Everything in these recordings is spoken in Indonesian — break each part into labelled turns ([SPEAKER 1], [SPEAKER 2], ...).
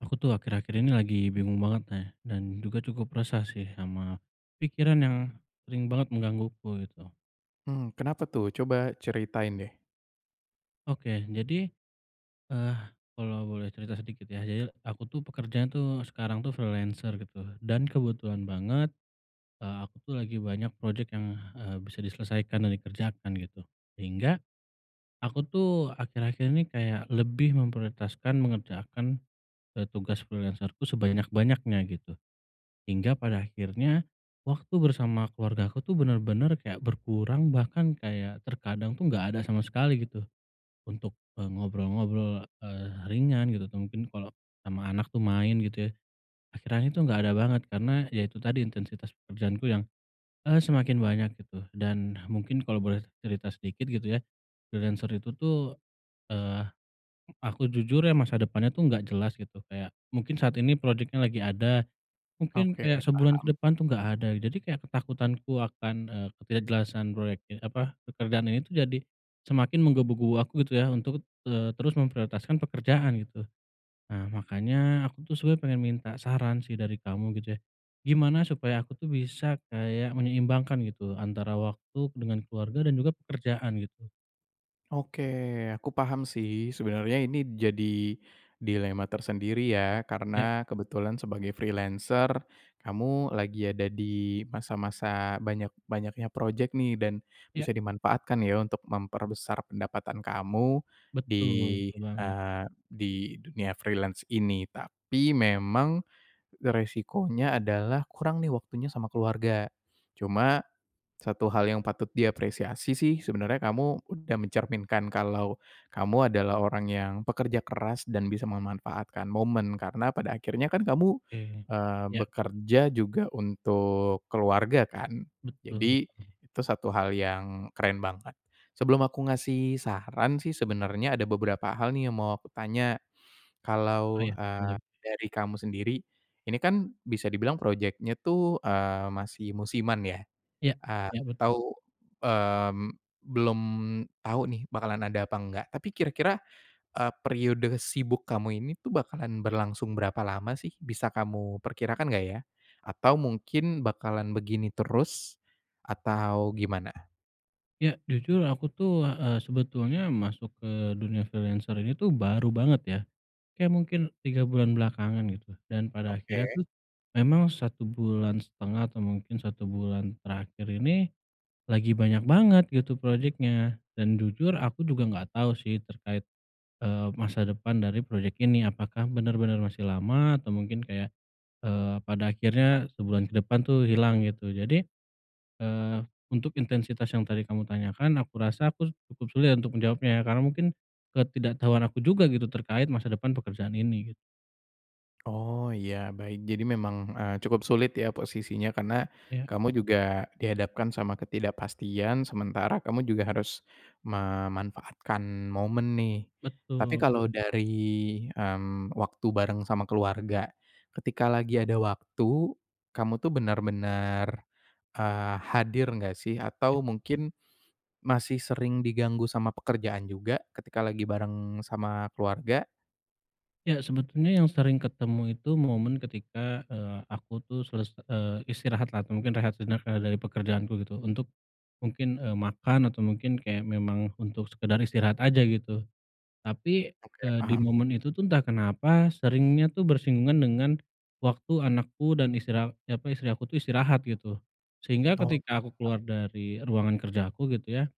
[SPEAKER 1] Aku tuh akhir-akhir ini lagi bingung banget nih dan juga cukup resah sih sama pikiran yang sering banget menggangguku gitu.
[SPEAKER 2] Mmm, kenapa tuh? Coba ceritain deh.
[SPEAKER 1] Oke. Jadi, eee, kalau boleh cerita sedikit ya. Jadi aku tuh pekerjanya tuh sekarang tuh freelancer gitu dan kebetulan banget, eee, aku tuh lagi banyak project yang, eee, bisa diselesaikan dan dikerjakan gitu, sehingga aku tuh akhir-akhir ini kayak lebih memprioritaskan mengerjakan, eee, tugas freelancer-ku sebanyak-banyaknya gitu. Hingga pada akhirnya waktu bersama keluargaku tuh bener-bener kayak berkurang, bahkan kayak terkadang tuh enggak ada sama sekali gitu. Untuk, eee, ngobrol-ngobrol, eee, ringan gitu atau mungkin kalau sama anak tuh main gitu ya. Akhirnya itu enggak ada banget karena ya itu tadi intensitas pekerjaanku yang, eee, semakin banyak gitu dan mungkin kalau boleh cerita sedikit gitu ya. Freelancer itu tuh, eee, aku jujur ya masa depannya tuh enggak jelas gitu. Kayak mungkin saat ini project-nya lagi ada, mungkin
[SPEAKER 2] Oke,
[SPEAKER 1] kayak sebulan ke
[SPEAKER 2] paham.
[SPEAKER 1] depan tuh enggak ada. Jadi kayak ketakutanku akan, eee, ketidakjelasan proyeknya apa, pekerjaan ini itu jadi semakin menggebu-gebu aku gitu ya untuk, eee, te terus memprioritaskan pekerjaan gitu. Nah, makanya aku tuh sebenarnya pengen minta saran sih dari kamu gitu ya. Gimana supaya aku tuh bisa kayak menyeimbangkan gitu antara waktu dengan keluarga dan juga pekerjaan gitu.
[SPEAKER 2] Oke, aku paham sih, sebenernya ini jadi dilema tersendiri ya
[SPEAKER 1] Ya.
[SPEAKER 2] karena kebetulan sebagai freelancer, kamu lagi ada di masa-masa banyak-banyaknya project nih dan, bisa
[SPEAKER 1] Ya.
[SPEAKER 2] dimanfaatkan ya untuk memperbesar pendapatan kamu, di
[SPEAKER 1] Betul, betul banget.
[SPEAKER 2] eee, di dunia freelance ini tapi memang, resikonya adalah kurang nih waktunya sama keluarga,
[SPEAKER 1] Ya.
[SPEAKER 2] cuma, satu hal yang patut diapresiasi sih sebenernya kamu udah mencerminkan kalau, kamu adalah orang yang pekerja keras dan bisa memanfaatkan momen karena pada akhirnya kan kamu,
[SPEAKER 1] Oke,
[SPEAKER 2] eee,
[SPEAKER 1] ya.
[SPEAKER 2] bekerja juga untuk keluarga kan?
[SPEAKER 1] Betul
[SPEAKER 2] Jadi,
[SPEAKER 1] betul.
[SPEAKER 2] itu satu hal yang keren banget. Sebelum aku ngasih saran sih sebenernya ada beberapa hal nih yang mau aku tanya,
[SPEAKER 1] Oh
[SPEAKER 2] kalau,
[SPEAKER 1] iya, boleh.
[SPEAKER 2] eee, dari kamu sendiri, ini kan bisa dibilang project-nya tuh, eee, masih musiman ya,
[SPEAKER 1] Iya,
[SPEAKER 2] eee,
[SPEAKER 1] iya, betul.
[SPEAKER 2] atau, mmm, belum tau nih bakalan ada apa enggak tapi kira-kira, eee, periode sibuk kamu ini tuh bakalan berlangsung berapa lama sih? Bisa kamu perkirakan enggak ya? Atau mungkin bakalan begini terus, atau gimana?
[SPEAKER 1] Ya. Jujur aku tuh, eee, sebetulnya masuk ke dunia freelancer ini tuh, baru banget, ya. Kayak mungkin 3 bulan belakangan, gitu. Dan pada akhirnya
[SPEAKER 2] Oke.
[SPEAKER 1] tuh, memang satu bulan setengah atau mungkin 1 bulan terakhir ini, lagi banyak banget gitu, projeknya. Dan jujur aku juga enggak tau sih terkait, eee, masa depan dari projek ini. Apakah bener-bener masih lama, atau mungkin kayak, eee, pada akhirnya sebulan ke depan tuh, hilang, gitu. Jadi, eee, untuk intensitas yang tadi kamu tanyakan, aku rasa aku cukup sulit ya, untuk menjawabnya, ya. Karena mungkin, ketidaktahuan aku juga, gitu. Terkait masa depan pekerjaan ini, git
[SPEAKER 2] Oh. Iya, baik. Jadi memang, eee, cukup sulit ya, posisinya. Karena
[SPEAKER 1] Ya.
[SPEAKER 2] kamu juga dihadapkan sama ketidakpastian, sementara kamu juga harus memanfaatkan momen, nih. Tapi
[SPEAKER 1] Betul.
[SPEAKER 2] kalau dari, mmm, waktu bareng sama keluarga, ketika lagi ada waktu, kamu tuh benar-benar, eee, hadir enggak sih? Atau mungkin, masih sering diganggu sama pekerjaan juga, ketika lagi bareng sama keluarga?
[SPEAKER 1] Ya sebetulnya yang sering ketemu itu momen ketika, eee, aku tuh seles eee, istirahat lah atau mungkin rehat sejenak, eee, dari pekerjaanku gitu, untuk mungkin, eee, makan atau mungkin kayak memang untuk sekedar istirahat aja gitu. Tapi,
[SPEAKER 2] Oke,
[SPEAKER 1] eee, di
[SPEAKER 2] paham.
[SPEAKER 1] momen itu tuh entah kenapa seringnya tuh bersinggungan dengan waktu anakku dan istri a apa, istri aku tuh istirahat gitu. Sehingga
[SPEAKER 2] Oh,
[SPEAKER 1] ketika aku
[SPEAKER 2] paham.
[SPEAKER 1] keluar dari ruangan kerja aku gitu ya.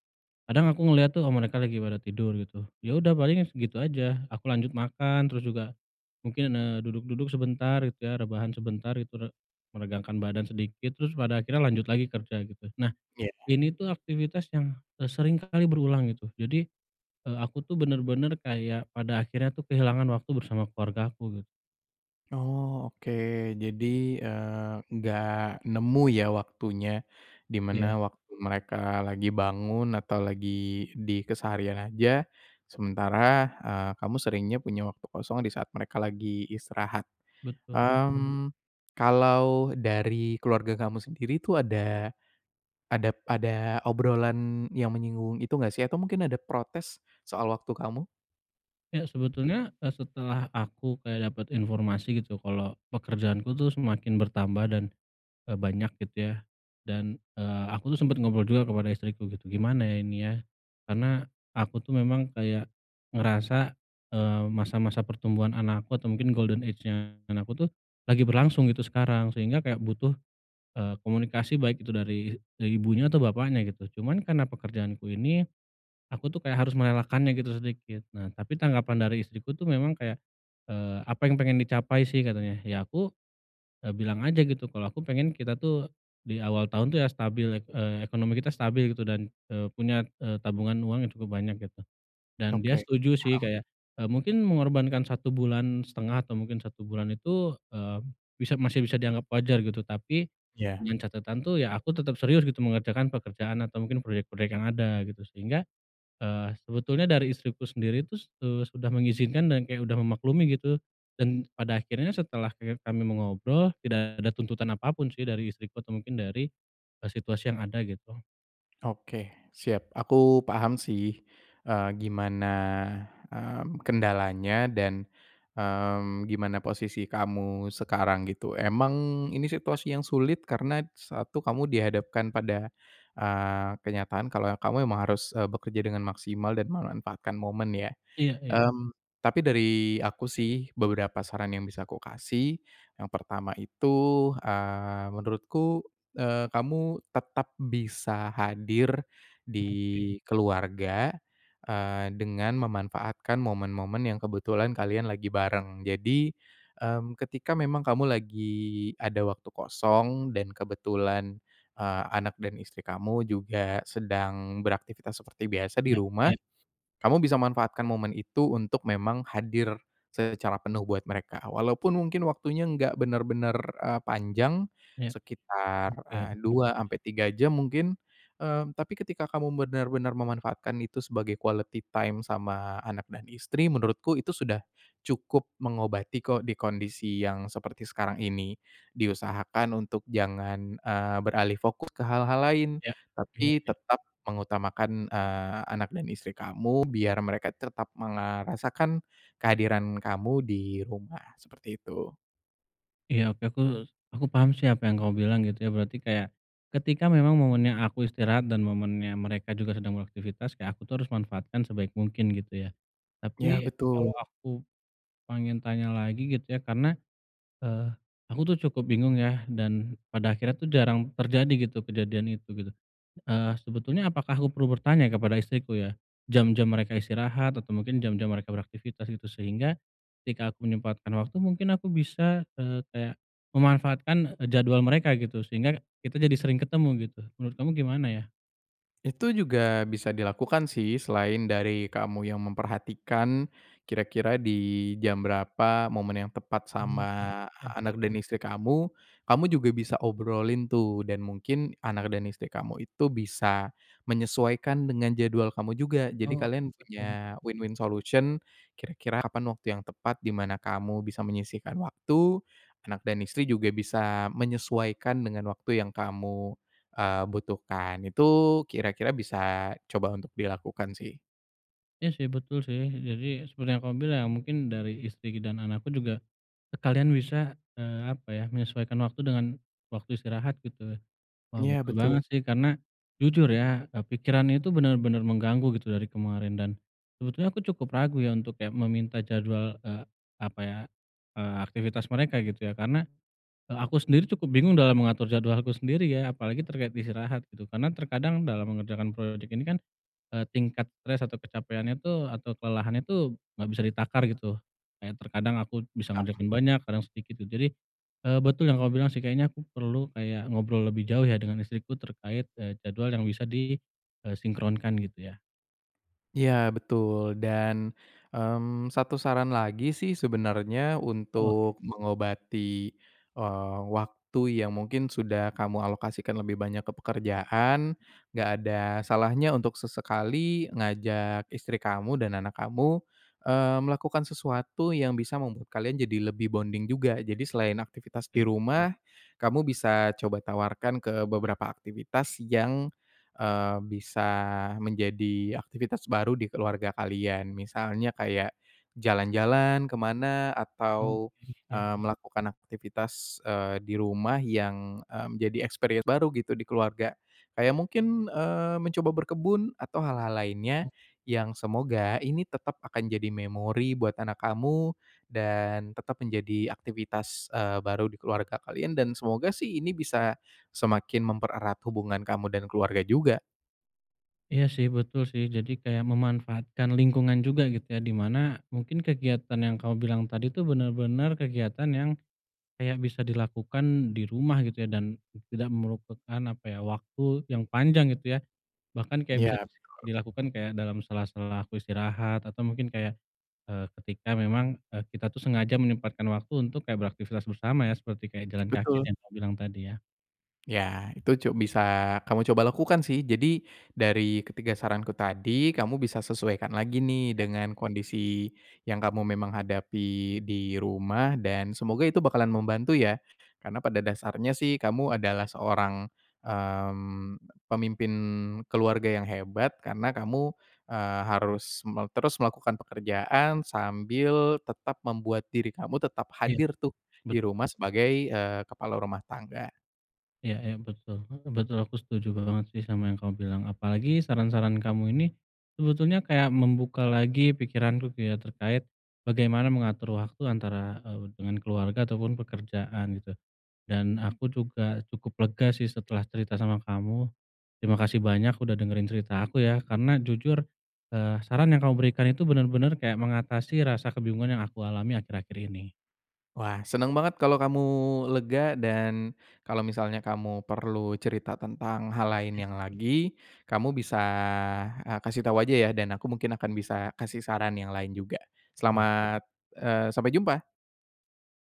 [SPEAKER 1] Kadang aku ngeliat tuh mereka lagi pada tidur gitu. Ya udah paling gitu aja, aku lanjut makan, terus juga mungkin, eee, duduk-duduk sebentar gitu ya, rebahan sebentar gitu re meregangkan badan sedikit, terus pada akhirnya lanjut lagi kerja gitu. Nah,
[SPEAKER 2] Iya.
[SPEAKER 1] ini tuh aktivitas yang, eee, sering kali berulang gitu. Jadi, eee, aku tuh bener-bener kayak pada akhirnya tuh kehilangan waktu bersama keluargaku gitu.
[SPEAKER 2] Oh, oke. Jadi, eee, enggak nemu ya waktunya? Di
[SPEAKER 1] Iya.
[SPEAKER 2] mana waktu mereka lagi bangun atau lagi di keseharian aja, sementara, eee, kamu seringnya punya waktu kosong di saat mereka lagi istirahat.
[SPEAKER 1] Betul.
[SPEAKER 2] Mmm, kalau dari keluarga kamu sendiri tuh ada ada ada obrolan yang menyinggung itu enggak sih? Atau mungkin ada protes soal waktu kamu?
[SPEAKER 1] Ya sebetulnya, eee, setelah aku kayak dapat informasi gitu. Kalau pekerjaanku tuh semakin bertambah dan, eee, banyak gitu ya. Dan, eee, aku tuh sempet ngobrol juga kepada istriku gitu. Gimana ya ini ya, karena aku tuh memang kayak ngerasa, eee, masa-masa pertumbuhan anakku atau mungkin golden age-nya anak aku tuh lagi berlangsung gitu sekarang sehingga kayak butuh, eee, komunikasi, baik itu dari dari ibunya atau bapaknya gitu. Cuman karena pekerjaanku ini, aku tuh kayak harus merelakannya gitu sedikit. Nah, tapi tanggapan dari istriku tuh memang kayak, eee, "Apa yang pengen dicapai sih?" katanya. Ya aku, eee, bilang aja gitu. Kalau aku pengen kita tuh di awal tahun tuh ya stabil ek eee, ekonomi kita stabil gitu dan, eee, punya, eee, tabungan uang yang cukup banyak gitu. Dan dia
[SPEAKER 2] Oke,
[SPEAKER 1] setuju sih
[SPEAKER 2] paham.
[SPEAKER 1] kayak, eee, mungkin mengorbankan 1,5 bulan atau mungkin 1 bulan itu, eee, bisa masih bisa dianggap wajar gitu. Tapi
[SPEAKER 2] Iya.
[SPEAKER 1] dengan catatan tuh ya aku tetap serius gitu mengerjakan pekerjaan atau mungkin proyek-proyek yang ada gitu, sehingga eee, sebetulnya dari istriku sendiri itu, eee, sudah mengizinkan dan kayak udah memaklumi gitu. Dan pada akhirnya setelah ke kami mengobrol, tidak ada tuntutan apapun sih dari istriku atau mungkin dari, eee, situasi yang ada gitu.
[SPEAKER 2] Oke, siap. Aku paham sih, eee, gimana, mmm, kendalanya dan, mmm, gimana posisi kamu sekarang gitu. Emang ini
[SPEAKER 1] Ya.
[SPEAKER 2] situasi yang sulit karena satu, kamu dihadapkan pada, eee, kenyataan kalau ya kamu emang harus, eee, bekerja dengan maksimal dan memanfaatkan momen ya.
[SPEAKER 1] Iya iya.
[SPEAKER 2] Mmm, tapi dari aku sih beberapa saran yang bisa aku kasih yang pertama itu, eee, menurutku, eee, kamu tetap bisa hadir
[SPEAKER 1] Oke.
[SPEAKER 2] di keluarga, eee, dengan memanfaatkan momen-momen yang kebetulan kalian lagi bareng. Jadi, mmm, ketika memang kamu lagi ada waktu kosong dan kebetulan, eee, anak dan istri kamu juga sedang beraktivitas seperti biasa di
[SPEAKER 1] Iya
[SPEAKER 2] rumah.
[SPEAKER 1] iya.
[SPEAKER 2] Kamu bisa manfaatkan momen itu untuk memang hadir secara penuh buat mereka. Walaupun mungkin waktunya enggak bener-bener, eee, panjang
[SPEAKER 1] Ya.
[SPEAKER 2] sekitar,
[SPEAKER 1] Oke.
[SPEAKER 2] eee, 2
[SPEAKER 1] [unintelligible]
[SPEAKER 2] ampe 3 jam mungkin. Eee, tapi ketika kamu benar-benar memanfaatkan itu sebagai quality time sama anak dan istri, menurutku itu sudah cukup mengobati kok, di kondisi yang seperti sekarang ini. Diusahakan untuk jangan, eee, beralih fokus ke hal-hal lain.
[SPEAKER 1] Ya. Iya
[SPEAKER 2] Tapi
[SPEAKER 1] iya.
[SPEAKER 2] tetap mengutamakan, eee, anak dan istri kamu, biar mereka tetap meng eee, rasakan kehadiran kamu di rumah, seperti itu.
[SPEAKER 1] Iya, oke, aku aku paham sih apa yang kamu bilang gitu ya, berarti kayak ketika memang momennya aku istirahat dan momennya mereka juga sedang beraktivitas kayak aku tuh harus manfaatkan sebaik mungkin gitu ya?
[SPEAKER 2] Ya,
[SPEAKER 1] Tapi kalau
[SPEAKER 2] betul.
[SPEAKER 1] aku pengen tanya lagi gitu ya, karena, eee, aku tuh cukup bingung ya, dan pada akhirnya tuh jarang terjadi gitu kejadian itu, gitu. Eee, sebetulnya apakah aku perlu bertanya kepada istriku ya? Jam-jam mereka istirahat atau mungkin jam-jam mereka beraktivitas gitu, sehingga ketika aku menyempatkan waktu mungkin aku bisa, eee, kayak memanfaatkan, eee, jadwal mereka gitu, sehingga kita jadi sering ketemu gitu. Menurut kamu gimana ya?
[SPEAKER 2] Itu juga bisa dilakukan sih, selain dari kamu yang memperhatikan kira-kira di jam berapa momen yang tepat
[SPEAKER 1] Mmm.
[SPEAKER 2] sama
[SPEAKER 1] [unintelligible]
[SPEAKER 2] anak dan istri kamu, kamu juga bisa obrolin tuh dan mungkin anak dan istri kamu itu bisa menyesuaikan dengan jadwal kamu juga. Jadi
[SPEAKER 1] Oh,
[SPEAKER 2] kalian
[SPEAKER 1] betul.
[SPEAKER 2] punya win-win solution kira-kira kapan waktu yang tepat di mana kamu bisa menyisihkan waktu, anak dan istri juga bisa menyesuaikan dengan waktu yang kamu, eee, butuhkan. Itu kira-kira bisa coba untuk dilakukan sih.
[SPEAKER 1] Iya sih, betul sih, jadi seperti yang kamu bilang ya mungkin dari istri dan anakku juga sekalian bisa, eee, apa ya, menyesuaikan waktu dengan waktu istirahat, gitu. Wah,
[SPEAKER 2] Iya
[SPEAKER 1] betul
[SPEAKER 2] betul.
[SPEAKER 1] banget sih, karena jujur ya, eee, pikirannya itu bener-bener mengganggu gitu dari kemarin dan, sebetulnya aku cukup ragu ya untuk ya meminta jadwal, eee, apa ya, eee, aktivitas mereka gitu ya, karena, eee, aku sendiri cukup bingung dalam mengatur jadwalku sendiri ya, apalagi terkait istirahat gitu. Karena terkadang dalam mengerjakan project ini kan, eee, tingkat stres atau kecapaiannya tuh atau kelelahannya tuh enggak bisa ditakar gitu. Kayak terkadang aku bisa ngerjain banyak, kadang sedikit gitu. Jadi, eee, betul yang kamu bilang sih kayaknya aku perlu kayak ngobrol lebih jauh ya dengan istriku terkait, eee, jadwal yang bisa di, eee, sinkronkan gitu ya.
[SPEAKER 2] Iya betul. Dan, mmm, 1 saran lagi sih sebenernya
[SPEAKER 1] Oke.
[SPEAKER 2] untuk mengobati, eee, waktu yang mungkin sudah kamu alokasikan lebih banyak ke pekerjaan, enggak ada salahnya untuk sesekali ngajak istri kamu dan anak kamu, eee, melakukan sesuatu yang bisa membuat kalian jadi lebih bonding juga. Jadi selain aktivitas di
[SPEAKER 1] Iya.
[SPEAKER 2] rumah, kamu bisa coba tawarkan ke beberapa aktivitas yang, eee, bisa menjadi aktivitas baru di keluarga kalian. Misalnya kayak jalan-jalan ke mana
[SPEAKER 1] Oh,
[SPEAKER 2] atau,
[SPEAKER 1] iya,
[SPEAKER 2] eee,
[SPEAKER 1] ya.
[SPEAKER 2] melakukan aktivitas, eee, di rumah yang, eee, menjadi experience baru gitu di keluarga. Kayak mungkin, eee, mencoba berkebun atau hal-hal lainnya
[SPEAKER 1] Oh.
[SPEAKER 2] yang semoga ini tetap akan jadi memori buat anak kamu dan tetap menjadi aktivitas, eee, baru di keluarga kalian, dan semoga sih ini bisa semakin mempererat hubungan kamu dan keluarga juga.
[SPEAKER 1] Iya sih, betul sih. Jadi kayak memanfaatkan lingkungan juga, gitu ya, di mana, mungkin kegiatan yang kamu bilang tadi tuh, benar-benar kegiatan yang, kayak bisa dilakukan di rumah, gitu ya. Dan, tidak merupakan apa ya, waktu yang panjang gitu ya. Bahkan kayak bisa
[SPEAKER 2] Iya, betul.
[SPEAKER 1] dilakukan kayak dalam sela-sela aku istirahat, atau mungkin kayak, eee, ketika memang, eee, kita tuh sengaja menyempatkan waktu untuk kayak beraktivitas bersama ya, seperti kayak jalan kaki
[SPEAKER 2] Betul.
[SPEAKER 1] yang kamu bilang tadi ya.
[SPEAKER 2] Ya, itu cu bisa, kamu coba lakukan sih. Jadi, dari ketiga saranku tadi, kamu bisa sesuaikan lagi nih.
[SPEAKER 1] Ya.
[SPEAKER 2] Dengan kondisi yang kamu memang hadapi di rumah, dan semoga itu bakalan membantu ya. Karena pada dasarnya sih, kamu adalah
[SPEAKER 1] Ya.
[SPEAKER 2] seorang, mmm, pemimpin keluarga yang hebat, karena kamu, eee, harus mel terus melakukan pekerjaan, sambil tetap membuat diri kamu tetap
[SPEAKER 1] Iya.
[SPEAKER 2] hadir tuh, di
[SPEAKER 1] Betul.
[SPEAKER 2] rumah sebagai, eee, kepala rumah tangga.
[SPEAKER 1] Iya iya, betul, heeh. Betul, aku setuju banget sih sama yang kamu bilang. Apalagi saran-saran kamu ini, sebetulnya kayak membuka lagi pikiranku kayak terkait, bagaimana mengatur waktu antara, eee, dengan keluarga ataupun pekerjaan, gitu. Dan aku juga cukup lega sih, setelah cerita sama kamu. Terima kasih banyak udah dengerin cerita aku ya. Karena jujur, eee, saran yang kamu berikan itu, benar-benar kayak mengatasi rasa kebingungan yang aku alami akhir-akhir ini.
[SPEAKER 2] Wah. Senang banget kalau kamu lega, dan kalau misalnya kamu perlu cerita tentang hal
[SPEAKER 1] Ya.
[SPEAKER 2] lainnya lagi, kamu bisa, eee, kasih tau aja ya. Dan aku mungkin akan bisa kasih saran yang lain juga.
[SPEAKER 1] Wah.
[SPEAKER 2] Selamat eee, sampai jumpa!